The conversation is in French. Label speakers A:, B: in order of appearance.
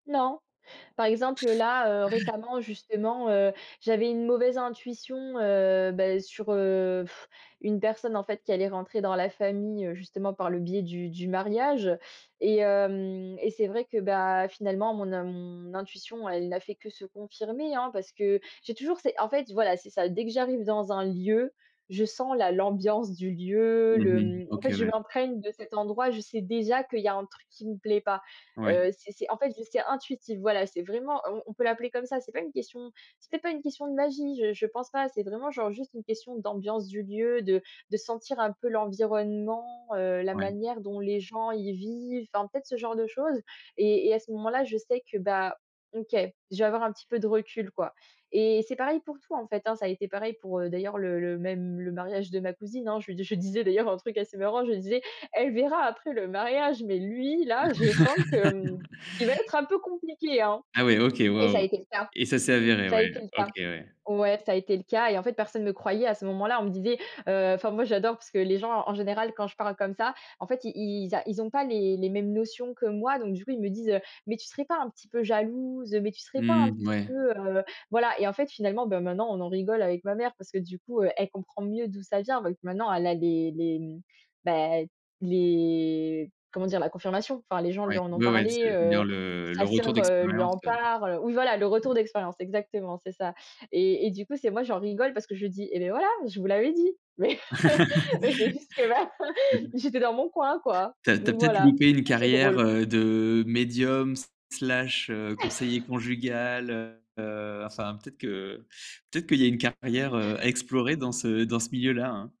A: Non. Par exemple, heu, là, heu, récemment, justement, heu, j'avais une mauvaise intuition, heu, bah sur, heu, pff, une personne, en fait, qui allait rentrer dans la famille, heu, justement, par le biais du du mariage. Et hem et c'est vrai que, bah, finalement, mon in mon intuition elle n'a fait que se confirmer, hein. Parce que j'ai toujours c'est en fait, voilà, c'est ça: dès que j'arrive dans un lieu, je sens la l'ambiance du lieu,
B: Mmh
A: le
B: mh.
A: mmh, en
B: OK
A: fait je
B: ouais.
A: m'imprègne de cet endroit, je sais déjà qu'il y a un truc qui me plaît pas.
B: Ouais.
A: Heu, c'est c'est en fait, je c'est c'est intuitif, voilà. C'est vraiment on on peut l'appeler comme ça. C'est pas une question c'est peut être pas une question de magie, je je pense pas. C'est vraiment, genre, juste une question d'ambiance du lieu, de de sentir un peu l'environnement, heu, la
B: Ouais.
A: manière dont les gens y vivent, en fait, ce genre de choses. Et et à ce moment-là, je sais que, bah, OK, je vais avoir un petit peu de recul, quoi. Et c'est pareil pour tout, en fait, hein. Ça a été pareil pour, d'ailleurs, le le même le mariage de ma cousine, hein. Je lui je disais d'ailleurs un truc assez marrant. Je disais: «Elle verra après le mariage, mais lui, là, je sens qu'il va être un peu compliqué, hein»
B: Ah ouais, OK,
A: et ça a
B: waouh!
A: été le cas.
B: Et ça s'est avéré?
A: Ça a
B: Ouais,
A: été le
B: OK,
A: cas.
B: ouais.
A: Ouais, ça a été le cas et en fait, personne me croyait à ce moment-là. On me disait heu, enfin, moi j'adore parce que les gens, en général, quand je parle comme ça, en fait, ils ils a ils ont pas les les mêmes notions que moi. Donc du coup, ils me disent, heu,: «Mais tu serais pas un petit peu jalouse? Mais tu serais pas
B: Mmh
A: un
B: mh,
A: petit
B: ouais.
A: peu, heu», voilà. Et en fait, finalement, beh, maintenant, on en rigole avec ma mère parce que, du coup, elle comprend mieux d'où ça vient. Donc maintenant, elle a des des, mmh bah, les comment dire? La confirmation. Enfin, les gens lui
B: Ouais,
A: en ont
B: ouais, ouais.
A: parlé, heu,
B: C'est-à-dire le le
A: sa
B: retour
A: sœur, heu, lui
B: d'expérience,
A: en
B: heu
A: parle. Oui, voilà, le retour d'expérience, exactement, c'est ça. Et et du coup, c'est moi, j'en rigole parce que je dis: «Et beh voilà je vous l'avais dit». Mais mais c'est juste que, voilà, j'étais dans mon coin, quoi.
B: Tu as tu as
A: Donc
B: peut-être
A: voilà,
B: loupé une
A: ça, c'est
B: carrière,
A: drôle.
B: heu, de médium s slash, heu, conseiller conjugal, heu heu, enfin, peut-être que peut-être qu'il y a une carrière, heu, à explorer dans ce dans ce milieu-là, hein.